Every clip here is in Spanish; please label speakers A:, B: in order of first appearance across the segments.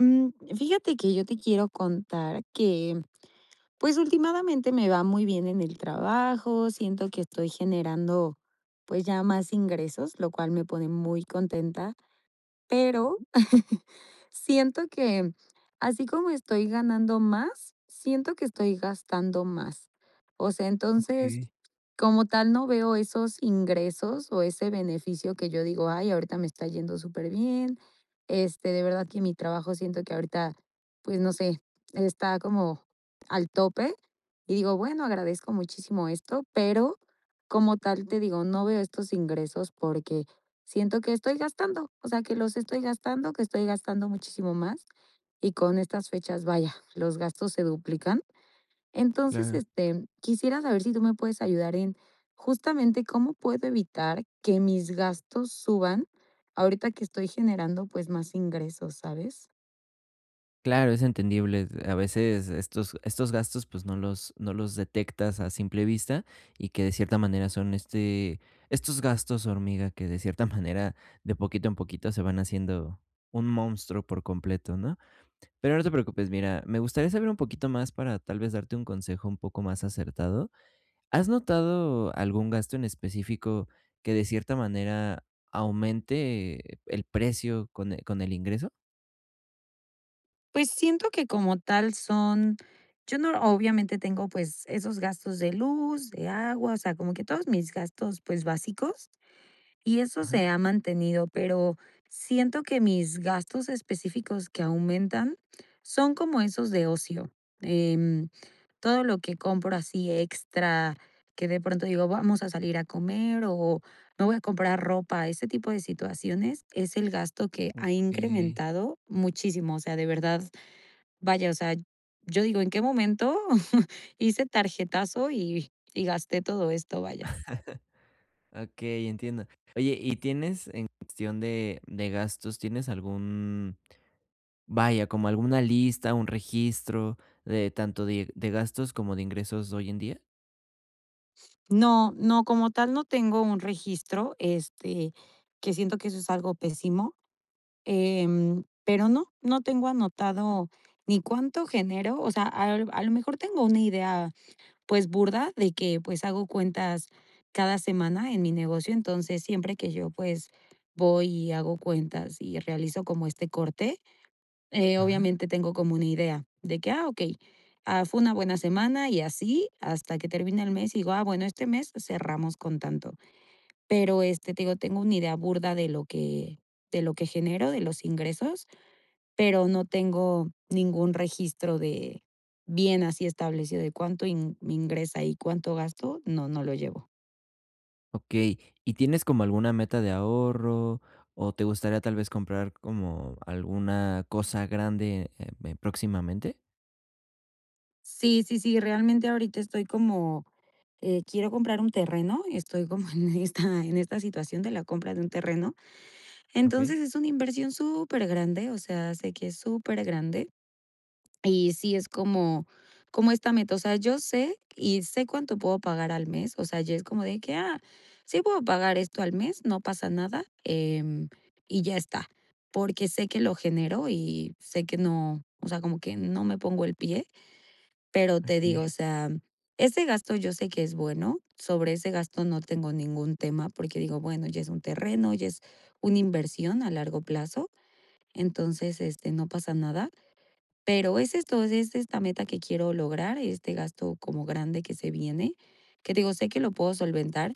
A: Mm. Fíjate que yo te quiero contar que, pues, últimadamente me va muy bien en el trabajo, siento que estoy generando, pues, ya más ingresos, lo cual me pone muy contenta,
B: Ah,
A: pero
B: u
A: siento que, así como estoy ganando más, siento que estoy gastando más. O sea, entonces,
B: Okey.
A: como tal no veo esos ingresos o ese beneficio que yo digo: "Ay, ahorita me está yendo súper bien". Este, de verdad que mi trabajo siento que ahorita, pues, no sé, está como al tope y digo: "Bueno, agradezco muchísimo esto". Pero, como tal te digo, no veo estos ingresos porque siento que estoy gastando. O sea que los estoy gastando, que estoy gastando muchísimo más y con estas fechas, vaya, los gastos se duplican. Entonces,
B: Claro.
A: este, quisiera saber si tú me puedes ayudar en, justamente cómo puedo evitar que mis gastos suban, ahorita que estoy generando, pues más ingresos, ¿sabes?
B: Claro, es entendible, a veces estos estos gastos, pues, no los no los detectas a simple vista y que de cierta manera son, este estos gastos hormiga, que de cierta manera, de poquito en poquito se van haciendo un monstruo por completo, ¿no? Pero no te preocupes. Mira, me gustaría saber un poquito más para tal vez, darte un consejo un poco más acertado, ¿has notado algún gasto en específico que de cierta manera aumente, eh, el precio con el con el ingreso?
A: Pues, siento que como tal son yo no, obviamente tengo, pues, esos gastos de luz, de agua, o sea, como que todos mis gastos, pues, básicos. Y eso
B: Ajá.
A: se ha mantenido, pero siento que mis gastos específicos que aumentan son como esos de ocio, em, todo lo que compro así extra, que de pronto digo: "Vamos a salir a comer o me voy a comprar ropa". Ese tipo de situaciones es el gasto que ha
B: Okey.
A: incrementado muchísimo, o sea, de verdad. Vaya, o sea, yo digo: "¿En qué momento hice tarjetazo y y gasté todo esto?". Vaya s
B: Okey, entiendo. Oye, y tienes en cuestión de de gastos, ¿tienes algún, vaya, como alguna lista, un registro de tanto de de gastos como de ingresos hoy en día?
A: No, no, como tal, no tengo un registro, este, que siento que eso es algo pésimo. Em, pero, no, no tengo anotado ni cuánto genero o sea, al a lo mejor tengo una idea, pues, burda de que, pues, hago cuentas cada semana en mi negocio. Entonces siempre que yo, pues, voy y hago cuentas, y realizo como este corte, eh,
B: Ajá.
A: obviamente tengo como una idea de que: "Ah, okey, ah, fue una buena semana". Y así hasta que termine el mes, y digo: "Ah, bueno, este mes cerramos con tanto". Pero este te digo, tengo una idea burda de lo que de lo que genero de los ingresos, pero no tengo ningún registro de bien así establecido de cuánto ing me ingresa y cuánto gasto, no, no lo llevo.
B: Okey. ¿Y tienes como alguna meta de ahorro, o te gustaría tal vez comprar como alguna cosa grande, eh, me próximamente?
A: Sí, sí, sí, realmente ahorita estoy como eh, quiero comprar un terreno, estoy como en esta en esta situación de la compra de un terreno.
B: Okey.
A: Entonces es una inversión supergrande, o sea, sé que es supergrande, y sí, es como, como esta meta. O sea, yo sé, y sé cuánto puedo pagar al mes. O sea, ya es como de que: "Ah, sí, puedo pagar esto al mes, no pasa nada, em y ya está". Porque sé que lo genero, y sé que no, o sea, como que no me pongo el pie. Pero te digo,
B: Okey.
A: o sea, ese gasto, yo sé que es bueno sobre ese gasto, no tengo ningún tema, porque digo: "Bueno, ya es un terreno ya es una inversión a largo plazo". Entonces, este, no pasa nada. Pero, es esto, es esta meta que quiero lograr este gasto como grande que se viene que digo sé que lo puedo solventar,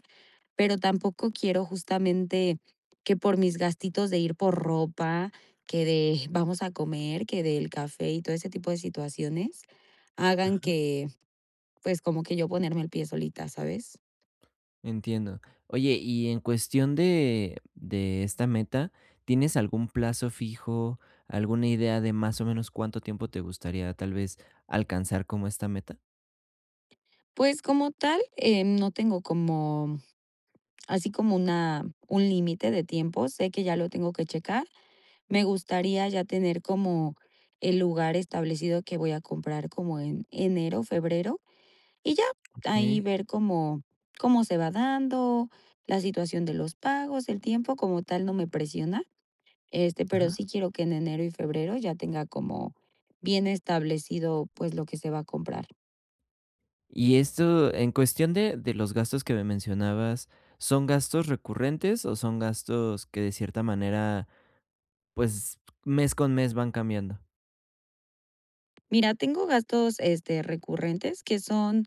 A: pero tampoco quiero justamente que por mis gastitos de ir por ropa que de vamos a comer, que del café y todo ese tipo de situaciones hagan
B: Ajá.
A: que, pues, como que yo ponerme el pie solita, ¿sabes?
B: Entiendo. Oye, y en cuestión de de esta meta, ¿tienes algún plazo fijo? ¿Alguna idea de, más o menos, cuánto tiempo te gustaría tal vez alcanzar como esta meta?
A: Pues, como tal, eh, no tengo como así como una un límite de tiempo. Sé que ya lo tengo que checar. Me gustaría ya tener como el lugar establecido que voy a comprar como en enero, febrero, y ya. Ahí
B: Okey.
A: ver cómo cómo se va dando la situación de los pagos, el tiempo como tal no me presiona, este, pero
B: Ajá.
A: sí quiero que en enero y febrero, ya tenga como bien establecido, pues, lo que se va a comprar.
B: Y esto en cuestión de de los gastos que me mencionabas, ¿son gastos recurrentes, o son gastos que de cierta manera, pues, mes con mes van cambiando?
A: Mira, tengo gastos, este, recurrentes que son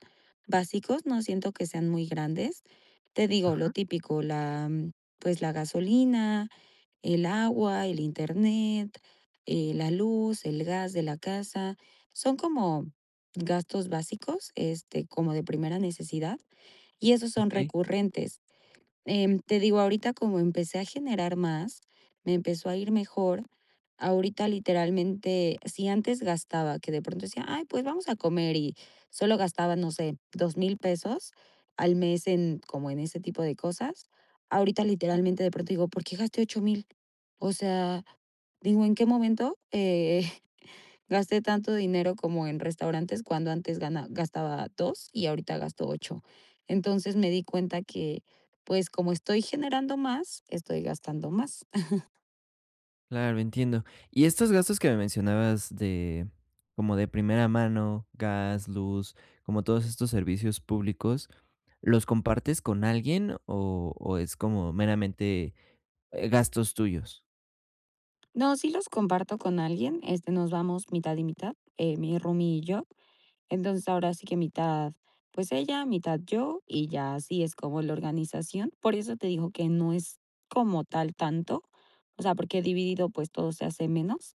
A: básicos. No siento que sean muy grandes. Te digo lo
B: Ajá.
A: típico la, mm, pues, la gasolina, el agua, el internet, eh, la luz, el gas de la casa. Son como gastos básicos, este, como de primera necesidad. Y esos son
B: Okey.
A: recurrentes, em, te digo ahorita como empecé a generar más, me empezó a ir mejor. Ahorita, literalmente, si antes gastaba que de pronto decía: "Ay, pues, vamos a comer", y solo gastaba, no sé, $2000 pesos al mes, en como, en ese tipo de cosas, ahorita,
B: Ajá.
A: literalmente, de pronto digo: "¿Por qué gasté 8000?". O sea, digo: "¿En qué momento, eh, gasté tanto dinero como en restaurantes cuando antes gana gastaba 2 y ahorita gasto 8". Entonces, me di cuenta que, pues, como estoy generando más, estoy gastando más.
B: Claro, entiendo. Y estos gastos que me mencionabas de, como de primera mano, gas, luz, como todos estos servicios públicos, ¿los compartes con alguien o o es como meramente, eh, gastos tuyos?
A: No, si los comparto con alguien, este, nos vamos mitad y mitad, eh, mi roommie y yo, entonces ahora sí que mitad, pues, ella, mitad yo, y ya, así es como la organización. Por eso te dijo que no es como tal tanto, o sea, porque dividido, pues, todo se hace menos.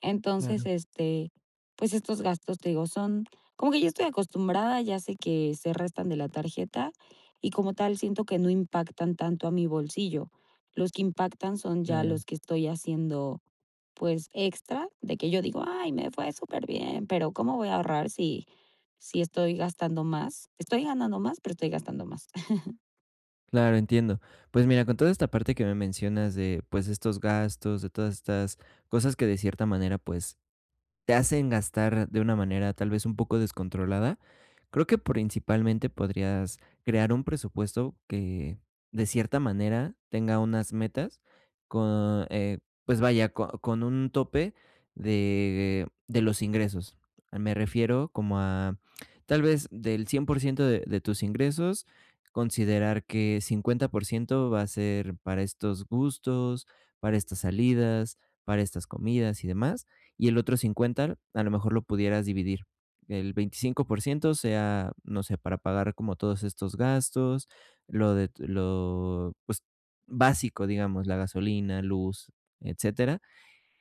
A: Entonces
B: Claro.
A: este, pues, estos gastos te digo son como que yo estoy acostumbrada. Ya sé que se restan de la tarjeta y como tal siento que no impactan tanto a mi bolsillo. Los que impactan son ya
B: Claro.
A: los que estoy haciendo, pues, extra de que yo digo: "Ay, me fue superbién". Pero cómo voy a ahorrar si si estoy gastando más, estoy ganando más, pero estoy gastando más.
B: Claro, entiendo. Pues, mira, con toda esta parte que me mencionas de, pues, de estos gastos, de todas estas cosas que de cierta manera, pues, te hacen gastar de una manera, tal vez, un poco descontrolada. Creo que principalmente podrías crear un presupuesto que de cierta manera tenga unas metas con, eh, pues vaya co con un tope de de los ingresos. Me refiero como a tal vez, del 100% de de tus ingresos, considerar que 50% va a ser para estos gustos, para estas salidas, para estas comidas y demás. Y el otro 50, a lo mejor lo pudieras dividir, el 25% sea, no sé, para pagar como todos estos gastos, lo de t lo pues, básico, digamos, la gasolina, luz, etcétera.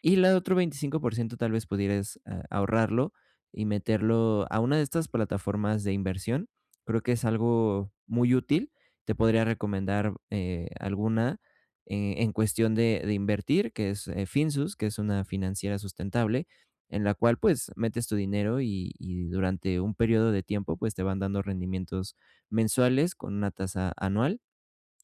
B: Y la otro 25% tal vez, pudieres a ahorrarlo y meterlo a una de estas plataformas de inversión. Creo que es algo muy útil. Te podría recomendar, eh, alguna, eh, en cuestión de de invertir, que es, eh, Finsus, que es una financiera sustentable, en la cual pues, metes tu dinero y y durante un período de tiempo, pues, te van dando rendimientos mensuales con una tasa anual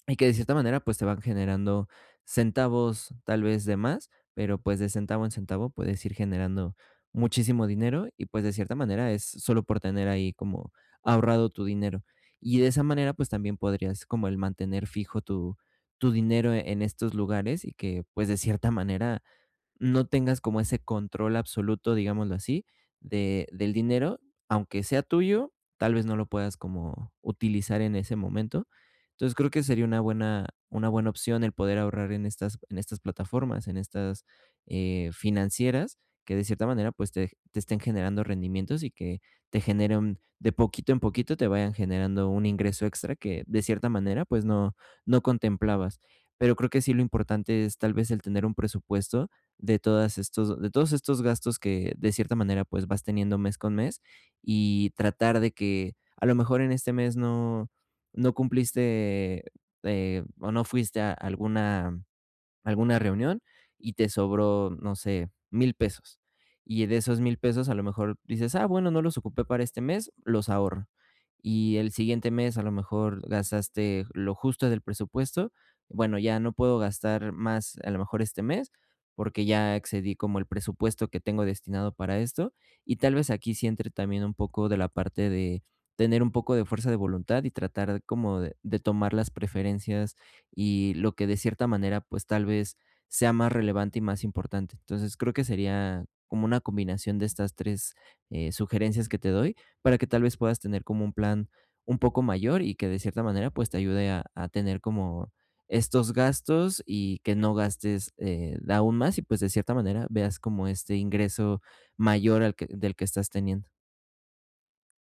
B: y que de cierta manera, pues, te van generando centavos, tal vez, de más, pero pues de centavo en centavo puedes ir generando muchísimo dinero y, pues, de cierta manera es solo por tener ahí como ahorrado tu dinero. Y de esa manera, pues, también podrías como el mantener fijo tu tu dinero en estos lugares y que, pues, de cierta manera no tengas como ese control absoluto, digámoslo así, de del dinero, aunque sea tuyo, tal vez no lo puedas como utilizar en ese momento. Entonces creo que sería una buena una buena opción el poder ahorrar en estas en estas plataformas en estas, eh, financieras que de cierta manera, pues, te ge te estén generando rendimientos y que te genere un de poquito en poquito te vayan generando un ingreso extra que de cierta manera, pues, no no contemplabas. Pero creo que sí lo importante es tal vez, el tener un presupuesto de todas estos de todos estos gastos que de cierta manera, pues, vas teniendo mes con mes y tratar de que a lo mejor en este mes no no cumpliste, eh, o no fuiste a alguna alguna reunión y te sobró, no sé, $1000 pesos y de esos $1000 pesos a lo mejor dices: "Ah, bueno, no los ocupé para este mes, los ahorro". Y el siguiente mes a lo mejor gastaste j lo justo del presupuesto. Bueno, ya no puedo gastar más a lo mejor este mes, porque ya excedí como el presupuesto que tengo destinado para esto y tal vez, aquí sí entre también, un poco de la parte de tener un poco de fuerza de voluntad y tratar como de de tomar las preferencias y lo que de cierta manera, pues, tal vez, sea más relevante y más importante. Entonces creo que sería como una combinación de estas 3, eh, sugerencias que te doy para que tal vez, puedas tener como un plan un poco mayor y que de cierta manera, pues, te ayude a a tener como estos gastos y que no gastes, eh, aún más y, pues, de cierta manera veas como este ingreso mayor al que del que estás teniendo.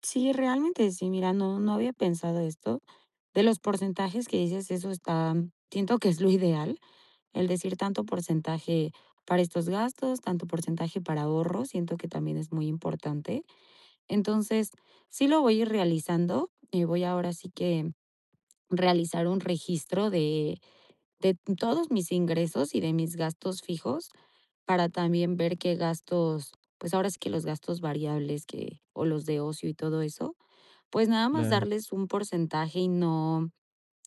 A: Sí, realmente sí, mira, no no había pensado esto de los porcentajes que dices, eso está siento que es lo ideal el decir tanto porcentaje para estos gastos, tanto porcentaje para ahorro, siento que también es muy importante. Entonces sí lo voy a ir realizando y voy ahora sí que realizar un registro de de todos mis ingresos y de mis gastos fijos para también ver qué gastos, pues, ahora sí que los gastos variables que o los de ocio y todo eso, pues, nada más
B: Claro.
A: darles un porcentaje y no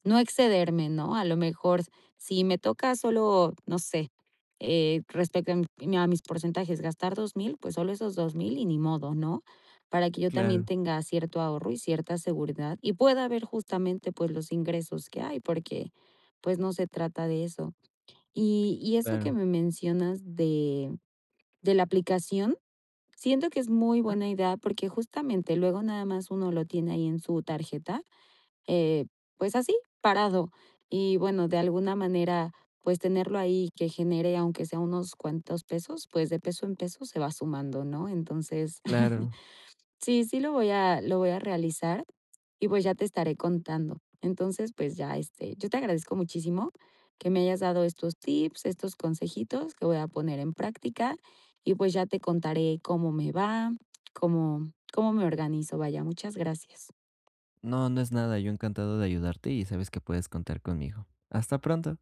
A: no excederme, ¿no?, a lo mejor si me toca solo no sé, eh, respecto a mi a mis porcentajes gastar 2.000, pues solo esos 2,000 y ni modo, ¿no?, para que yo también
B: Claro.
A: tenga cierto ahorro y cierta seguridad y pueda ver justamente pues, los ingresos que hay porque pues, no se trata de eso y y eso que
B: Claro.
A: me mencionas de de la aplicación, siento que es muy
B: Ajá.
A: buena idea porque justamente luego nada más uno lo tiene ahí en su tarjeta, eh, pues, así parado y bueno, de alguna manera pues tenerlo ahí y que genere, aunque sea unos cuantos pesos, pues de peso en peso se va sumando, ¿no?, entonces,
B: Claro.
A: sí, sí, lo voy a lo voy a realizar y pues, ya te estaré contando. Entonces pues, ya, este, yo te agradezco muchísimo que me hayas dado estos tips, estos consejitos que voy a poner en práctica y pues, ya te contaré cómo me va, cómo cómo me organizo vaya, muchas gracias.
B: No, no es nada. Yo encantado de ayudarte y sabes que puedes contar conmigo. Hasta pronto.